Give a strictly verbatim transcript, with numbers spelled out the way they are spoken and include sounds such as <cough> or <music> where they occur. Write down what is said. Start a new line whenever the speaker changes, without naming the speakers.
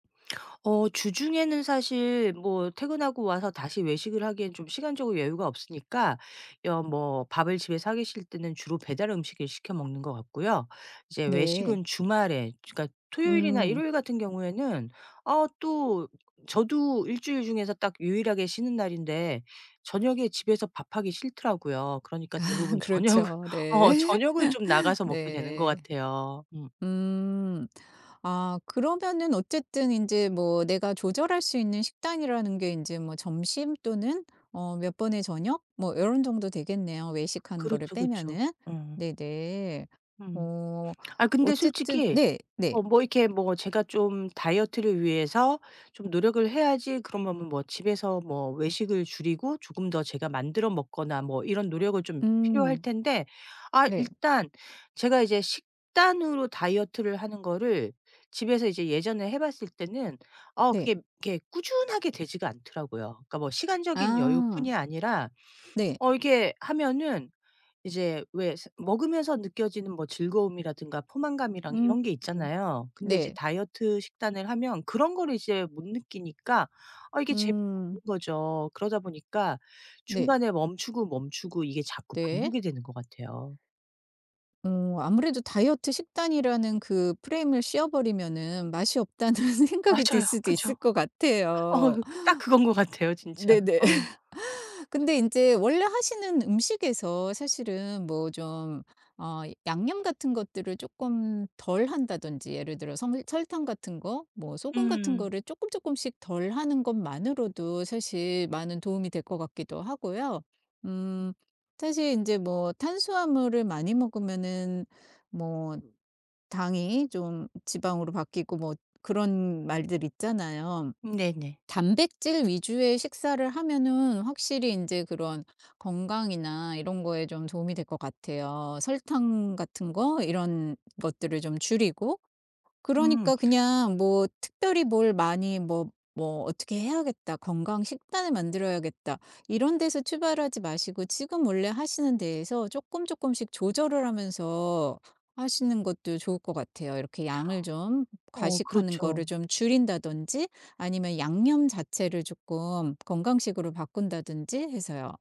어 주중에는 사실 뭐 퇴근하고 와서 다시 외식을 하기에는 좀 시간적으로 여유가 없으니까 여 뭐 밥을 집에서 하기 싫을 때는 주로 배달 음식을 시켜 먹는 것 같고요. 이제
네.
외식은 주말에 그러니까 토요일이나
음.
일요일 같은 경우에는 어 또 저도 일 주일 중에서 딱 유일하게 쉬는 날인데 저녁에 집에서 밥 하기 싫더라고요. 그러니까
아
대부분 저녁을
그렇죠.
어
네.
저녁을 좀
<laughs>
나가서 먹게 되는 것
네.
같아요. 음.
음. 아 그러면은 어쨌든 인제 뭐 내가 조절할 수 있는 식단이라는 게 인제 뭐 점심 또는 어 몇 번의 저녁 뭐 이런 정도 되겠네요, 외식하는 거를
그렇죠. 그쵸.
빼면은.
음.
네네.
음.
어
아 근데
어쨌든
솔직히
네네.
어 뭐 이렇게 뭐 제가 좀 다이어트를 위해서 좀 노력을 해야지 그러면은 뭐 집에서 뭐 외식을 줄이고 조금 더 제가 만들어 먹거나 뭐 이런 노력을 좀 필요할
음.
텐데 아
네.
일단 제가 이제 식단으로 다이어트를 하는 거를 집에서 이제 예전에 해 봤을 때는 어
네.
그게 이렇게 꾸준하게 되지가 않더라고요. 그러니까 뭐 시간적인
아.
여유뿐이 아니라
네.
어 이렇게 하면은 이제 왜 스 먹으면서 느껴지는 뭐 즐거움이라든가 포만감이랑
음
이런 게
음
있잖아요. 근데 이제
네.
다이어트 식단을 하면 그런 거를 이제 못 느끼니까 아 이게 재미없는
음.
거죠. 그러다 보니까
네.
중간에 멈추고 멈추고 이게 자꾸
네.
반복이 되는 것 같아요.
음 아무래도 다이어트 식단이라는 그 프레임을 씌워버리면은 맛이 없다는 생각이 들
맞아요.
수도 있을
그쵸.
것
어
같아요.
딱 그건 것 같아요 진짜.
네네.
어.
<laughs> 근데 인제 원래 하시는 음식에서 사실은 뭐 좀 어 양념 같은 것들을 조금 덜 한다든지 예를 들어서 섬 설탕 같은 거 뭐 소금 같은
음.
거를 쪼끔쪼끔씩 덜 하는 것만으로도 사실 많은 도움이 될 것 같기도 하고요.
음.
음. 사실 이제 뭐 탄수화물을 많이 먹으면은 뭐 당이 좀 지방으로 바뀌고 뭐 그런 말들 있잖아요.
네네.
단백질 위주의 식사를 하면은 확실히 인제 그런 건강이나 이런 거에 좀 도움이 될 것 같아요. 설탕 같은 거 이런 것들을 좀 줄이고
음.
그러니까 그냥 뭐 '특별히 뭘 많이 뭐 뭐 어떻게 해야겠다. 건강 식단을 만들어야겠다.' 이런 데서 출발하지 마시고 지금 원래 하시는 데에서 쪼끔쪼끔씩 조절을 하면서 하시는 것도 좋을 것 같아요. 이렇게 양을 좀
어
과식하는 거를
그렇죠.
좀 줄인다든지 아니면 양념 자체를 조금 건강식으로 바꾼다든지 해서요.